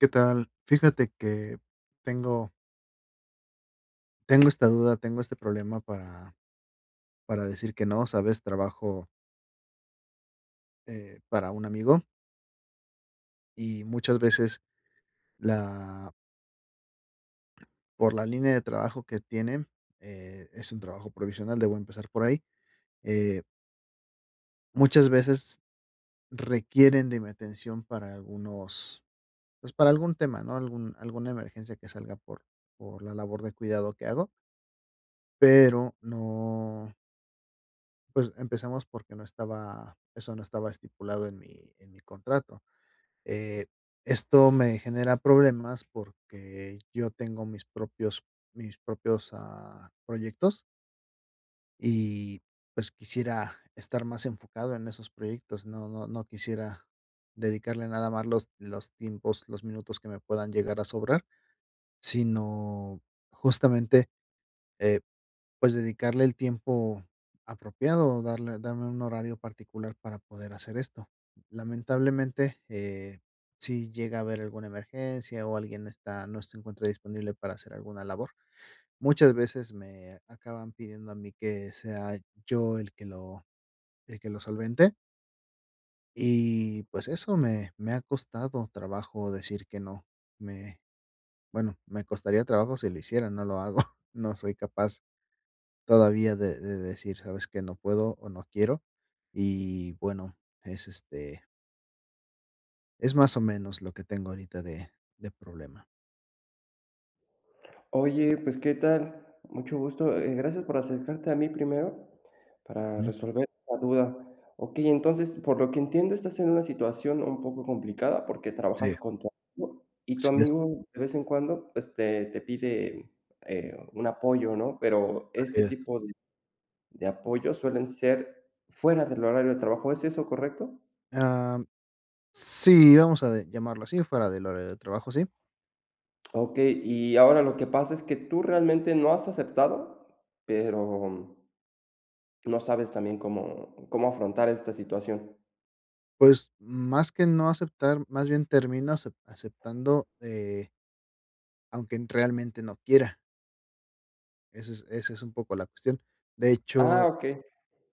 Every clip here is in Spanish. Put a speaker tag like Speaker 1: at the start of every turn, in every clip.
Speaker 1: ¿Qué tal? Fíjate que tengo tengo esta duda, tengo este problema para para decir que no, ¿sabes? Trabajo eh, para un amigo y muchas veces, la por la línea de trabajo que tienen, eh, es un trabajo provisional. Debo empezar por ahí, eh muchas veces requieren de mi atención para algunos pues, para algún tema, ¿no?, algún alguna emergencia que salga por por la labor de cuidado que hago pero no Pues, empezamos, porque no estaba eso no estaba estipulado en mi en mi contrato. Eh, esto me genera problemas, porque yo tengo mis propios mis propios, ah, proyectos y, pues, quisiera estar más enfocado en esos proyectos. No no no quisiera dedicarle nada más los los tiempos los minutos que me puedan llegar a sobrar. Sino, justamente, eh, pues, dedicarle el tiempo apropiado, o darle darme un horario particular para poder hacer esto. Lamentablemente, eh, si llega a haber alguna emergencia, o alguien está no se encuentra disponible para hacer alguna labor, muchas veces me acaban pidiendo a mí que sea yo el que lo el que lo solvente. Y pues, eso, me me ha costado trabajo decir que no. Me bueno, me costaría trabajo si lo hiciera, no lo hago, no soy capaz todavía de de decir: "¿Sabes qué? No puedo, o no quiero", y bueno, es, este es más o menos, lo que tengo ahorita de de problema.
Speaker 2: Oye, pues, ¿qué tal? Mucho gusto, eh, gracias por acercarte a mí primero para
Speaker 1: Mm.
Speaker 2: resolver la duda. Okey, entonces, por lo que entiendo, estás en una situación un poco complicada porque trabajas
Speaker 1: Sí.
Speaker 2: con tu amigo, y tu
Speaker 1: Así es.
Speaker 2: amigo de vez en cuando este te pide, eh, un apoyo, ¿no?, pero
Speaker 1: Así
Speaker 2: este
Speaker 1: es.
Speaker 2: tipo de de apoyo suelen ser fuera del horario de trabajo, ¿es eso correcto?
Speaker 1: Am. Sí, vamos a de llamarlo así fuera del horario de trabajo, sí.
Speaker 2: Okey. Y ahora lo que pasa es que tú realmente no has aceptado, pero no sabes también cómo cómo afrontar esta situación.
Speaker 1: Pues, más que no aceptar, más bien termino acep aceptando, eh aunque en realmente no quiera. Eso es esa es un poco la cuestión. De
Speaker 2: Ah,
Speaker 1: hecho,
Speaker 2: okey.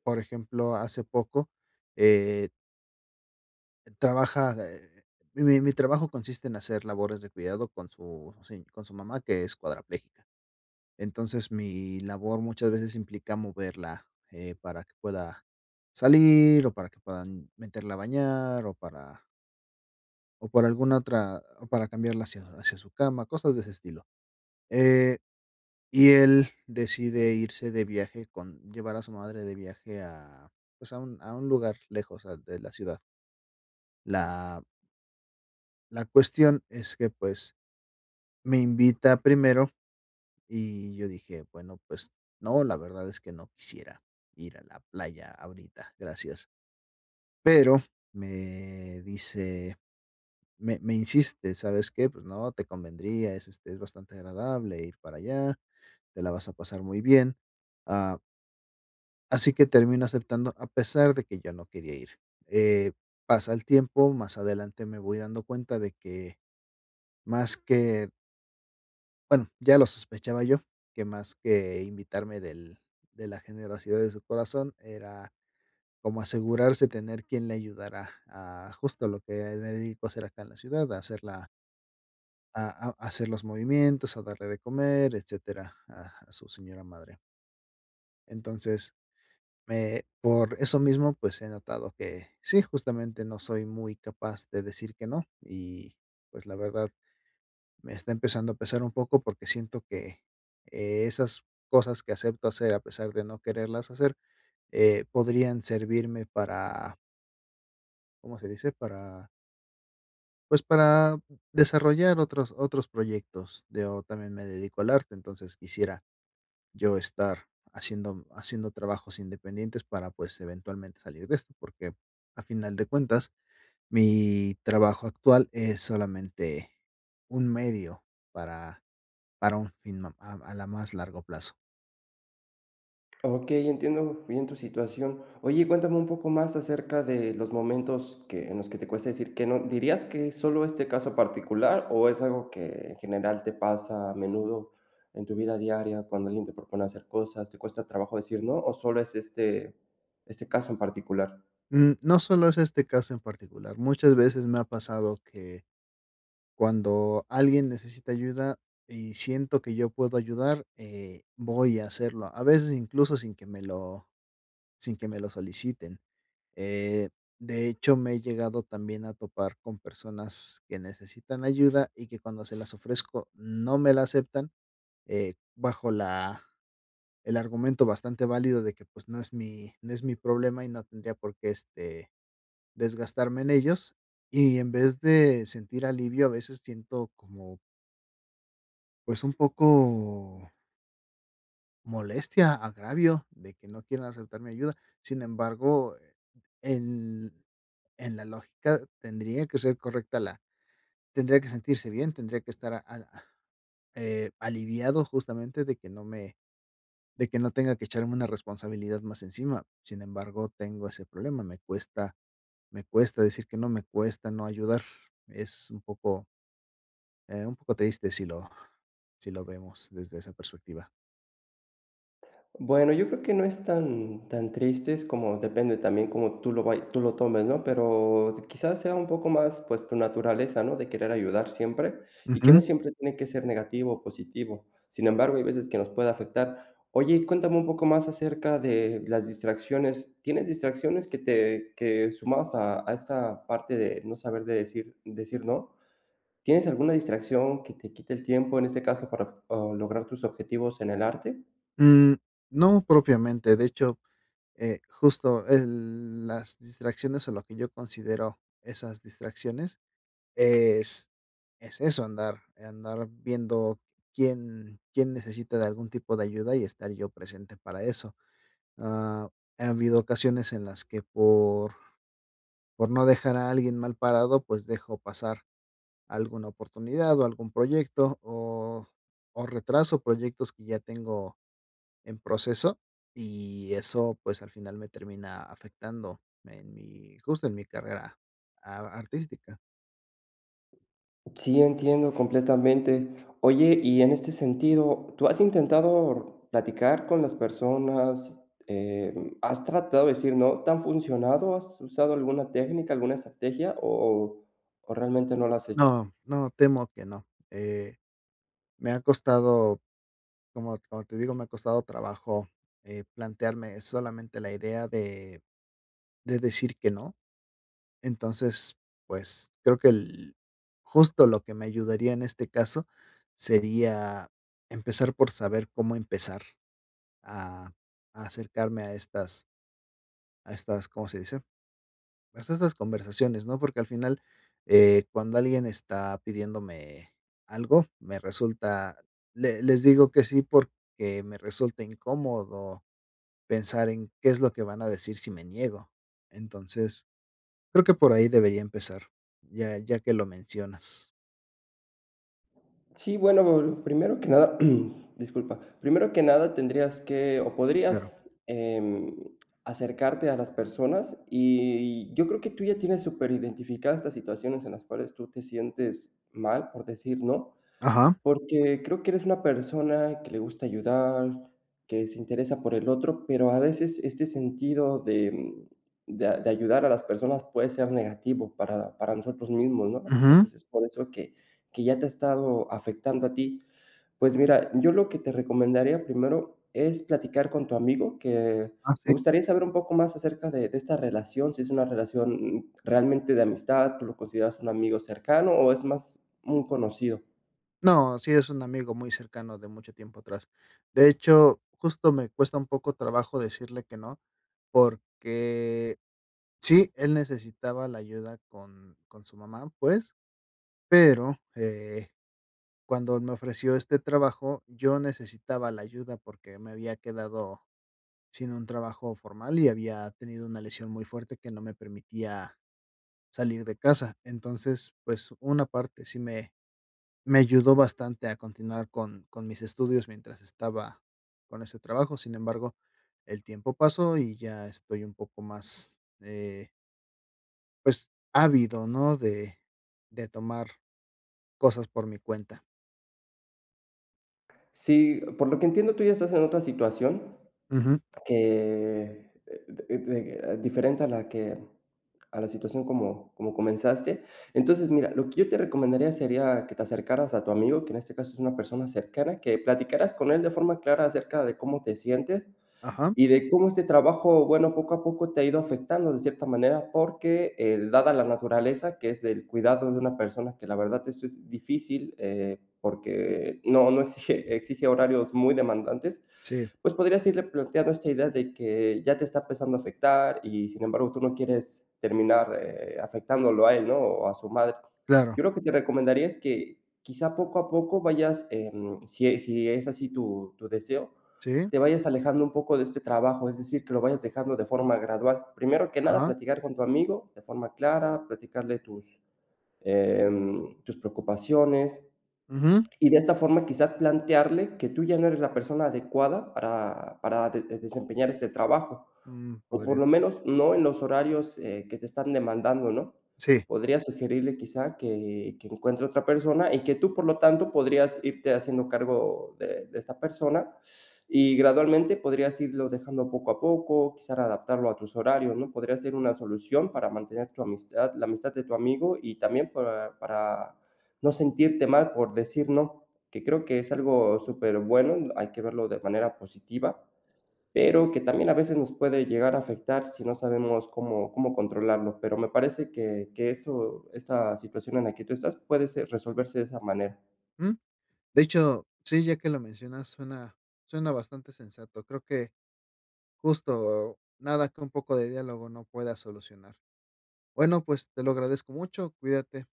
Speaker 1: por ejemplo, hace poco, eh trabaja eh, eh, mi mi trabajo consiste en hacer labores de cuidado con su se con su mamá, que es cuadraplégica. Entonces mi labor muchas veces implica moverla, eh, para que pueda salir, o para que puedan meterla a bañar, o para o por alguna otra o para cambiarla hacia hacia su cama, cosas de ese estilo. Eh, y él decide irse de viaje con llevar a su madre de viaje a, pues, a un a un lugar lejos, ah, de la ciudad. La la cuestión es que, pues, me invita primero, y yo dije: "Bueno, pues no, la verdad es que no quisiera ir a la playa ahorita, gracias". Pero me dice, me me insiste: "¿Sabes qué? Pues no, te convendría. Es, este, es bastante agradable ir para allá. Te la vas a pasar muy bien". Ah Así que termino aceptando a pesar de que yo no quería ir, eh, pasa el tiempo más adelante me voy dando cuenta de que, más que bueno, ya lo sospechaba yo, que más que invitarme del de la generosidad de su corazón era, como asegurarse tener quien le ayudara a, justo lo que me dedico a hacer acá en la ciudad, a hacer la a a a hacer los movimientos, a darle de comer, etcétera, a a su señora madre. Entonces, me por eso mismo, pues, he notado que, sí, justamente no soy muy capaz de decir que no, y pues, la verdad, me está empezando a pesar un poco porque siento que e esas cosas que acepto hacer a pesar de no quererlas hacer, eh, podrían servirme para ¿cómo se dice?, para pues, para desarrollar otros otros proyectos, yo también me dedico al arte, entonces, quisiera yo estar haciendo haciendo trabajos independientes para pues, eventualmente salir de esto, porque, a final de cuentas, mi trabajo actual es solamente un medio para para un fin a a la más largo plazo.
Speaker 2: Okey, entiendo bien tu situación. Oye, cuéntame un poco más acerca de los momentos, que en los que te cuesta decir que no, ¿dirías que es solo este caso particular?, o es algo que, en general te pasa, a menudo, en tu vida diaria, cuando alguien te propone hacer cosas, ¿te cuesta trabajo decir no? ¿O solo es este este caso en particular?
Speaker 1: Mm, no solo es este caso en particular. Muchas veces me ha pasado que, cuando alguien necesita ayuda, y siento que yo puedo ayudar, eh, voy a hacerlo, a veces incluso sin que me lo sin que me lo soliciten. Eh, de hecho, me he llegado también a topar con personas que necesitan ayuda, y que cuando se las ofrezco no me la aceptan, eh, bajo la el argumento bastante válido de que, pues, no es mi no es mi problema, y no tendría por qué, este, desgastarme en ellos. Y en vez de sentir alivio, a veces siento como pues, un poco molestia, agravio de que no quieran aceptar mi ayuda. Sin embargo, en en la lógica tendría que ser correcta la tendría que sentirse bien. Tendría que estar a a eh, aliviado justamente de que no me de que no tenga que echarme una responsabilidad más encima. Sin embargo, tengo ese problema. Me cuesta me cuesta decir que no, me cuesta no ayudar. Es un poco eh, un poco triste si lo si lo vemos desde esa perspectiva.
Speaker 2: Bueno, yo creo que no es tan tan tristes, como depende también como tú lo vay tú lo tomes, ¿no? Pero, quizá, sea un poco más, pues, tu naturaleza, ¿no?, de querer ayudar siempre, y que no
Speaker 1: Ujú.
Speaker 2: siempre tiene que ser negativo o positivo. Sin embargo, hay veces que nos puede afectar. Oye, y cuéntame un poco más acerca de las distracciones. ¿Tienes distracciones que te que sumabas a a esta parte de no saber de decir decir no? ¿Tienes alguna distracción que te quite el tiempo en este caso para p ah, lograr tus objetivos en el arte?
Speaker 1: Mm, no propiamente. De hecho, eh, justo el las distracciones, o lo que yo considero esas distracciones, es es eso, andar andar viendo quién quién necesita de algún tipo de ayuda, y estar yo presente para eso. Ah, ha habido ocasiones en las que, por por no dejar a alguien mal parado, pues, dejo pasar alguna oportunidad o algún proyecto, o o retraso proyectos que ya tengo en proceso. Y eso, pues, al final me termina afectando en mi, justo, en mi carrera a artística.
Speaker 2: Sí, entiendo completamente. Oye, y en este sentido, ¿tú has intentado platicar con las personas? Em, ¿has tratado de decir no? ¿Te han funcionado, has usado alguna técnica, alguna estrategia, o o realmente no la has hecho?
Speaker 1: No, no, temo que no. Eh, me ha costado, como como te digo, me ha costado trabajo, eh, plantearme solamente la idea de de decir que no, entonces, pues, creo que el justo lo que me ayudaría en este caso, sería empezar por saber cómo empezar a acercarme a estas a estas, ¿cómo se dice?, pues, esas conversaciones, ¿no? Porque al final, eh, cuando alguien está pidiéndome, algo, me resulta Le les digo que sí, porque me resulta incómodo, pensar en, qué es lo que van a decir si me niego. Entonces, creo que por ahí debería empezar, ya ya que lo mencionas.
Speaker 2: Sí, bueno,, [unintelligible] primero que nada, disculpa. Primero que nada, tendrías que o
Speaker 1: Sí,
Speaker 2: podrías,
Speaker 1: claro.
Speaker 2: em, acercarte a las personas. Y, yo creo que tú ya tienes superidentificadas estas situaciones en las cuales tú te sientes mal, por decir, ¿no?
Speaker 1: Ajá.
Speaker 2: Porque, creo que eres una persona, que le gusta ayudar, que se interesa por el otro, pero a veces este sentido de mm de a de ayudar a las personas puede ser negativo, para para nosotros mismos, ¿no?
Speaker 1: Ujú.
Speaker 2: Entonces, es por eso que que ya te ha estado afectando a ti. Pues mira, yo lo que te recomendaría primero, es platicar con tu amigo, que,
Speaker 1: Ah,
Speaker 2: me
Speaker 1: sí.
Speaker 2: gustaría saber un poco más acerca de de esta relación. Si es una relación, mm, realmente de amistad, tú lo consideras un amigo cercano o es más un conocido.
Speaker 1: No, sí, es un amigo muy cercano de mucho tiempo atrás. De hecho, justo, me cuesta un poco trabajo decirle que no, porque, sí, él necesitaba la ayuda con con su mamá, pues, pero, eh, cuando me ofreció este trabajo, yo necesitaba la ayuda porque me había quedado, sin un trabajo formal, y había tenido una lesión muy fuerte que no me permitía, salir de casa. Entonces, pues, una parte sí me me ayudó bastante a continuar con con mis estudios mientras estaba con ese trabajo. Sin embargo, el tiempo pasó y ya estoy un poco más, eh Pues ávido, ¿no?, de de tomar cosas por mi cuenta.
Speaker 2: Sí, por lo que entiendo, tú ya estás en otra situación,
Speaker 1: Ujú.
Speaker 2: que, eh, [unintelligible] diferente a la que a la situación como como comenzaste. Entonces, mira, lo que yo te recomendaría sería que te acercaras a tu amigo, que en este caso es una persona cercana. Que platicaras con él de forma clara acerca de cómo te sientes,
Speaker 1: Ajá.
Speaker 2: y de cómo este trabajo, bueno, poco a poco te ha ido afectando de cierta manera. Porque, eh, dada la naturaleza que es el cuidado de una persona, que la verdad esto es difícil, eh, porque no no, exige exige horarios muy demandantes,
Speaker 1: Sí.
Speaker 2: pues, podrías irle planteando esta idea de que ya te está empezando a afectar, y, sin embargo, tú no quieres terminar, eh, afectándolo a él, ¿no?, o a su madre. Yo
Speaker 1: Claro.
Speaker 2: lo que te recomendaría es que, quizá, poco a poco vayas, em, si e si es así tu tu deseo,
Speaker 1: Sí.
Speaker 2: te vayas alejando un poco de este trabajo, es decir, que lo vayas dejando de forma gradual. Primero que nada,
Speaker 1: Ajá.
Speaker 2: platicar con tu amigo de forma clara, platicarle tus, em, tus preocupaciones,
Speaker 1: Ujú.
Speaker 2: y de esta forma, quizá, plantearle que tú ya no eres la persona adecuada para para de desempeñar este trabajo,
Speaker 1: Mm,
Speaker 2: o por
Speaker 1: podría
Speaker 2: lo
Speaker 1: ser.
Speaker 2: menos no en los horarios, eh, que te están demandando, ¿no?
Speaker 1: Sí.
Speaker 2: Podrías sugerirle, quizá, que que encuentre otra persona y que tú, por lo tanto, podrías irte haciendo cargo de de esta persona, y gradualmente podrías irlo dejando poco a poco. Quizás adaptarlo a tus horarios, ¿no? Podría ser una solución para mantener tu amistad la amistad de tu amigo, y también para para no sentirte mal por decir "no", que creo que es algo superbueno. Hay que verlo de manera positiva, pero que también a veces nos puede llegar a afectar si no sabemos cómo cómo controlarlo. Pero me parece que que esto esta situación en la que tú estás puede se resolverse de esa manera.
Speaker 1: Ujú. De hecho, sí, ya que lo mencionas, suena suena bastante sensato. Creo que, justo nada que un poco de diálogo no pueda solucionar. Bueno, pues, te lo agradezco mucho. Cuídate.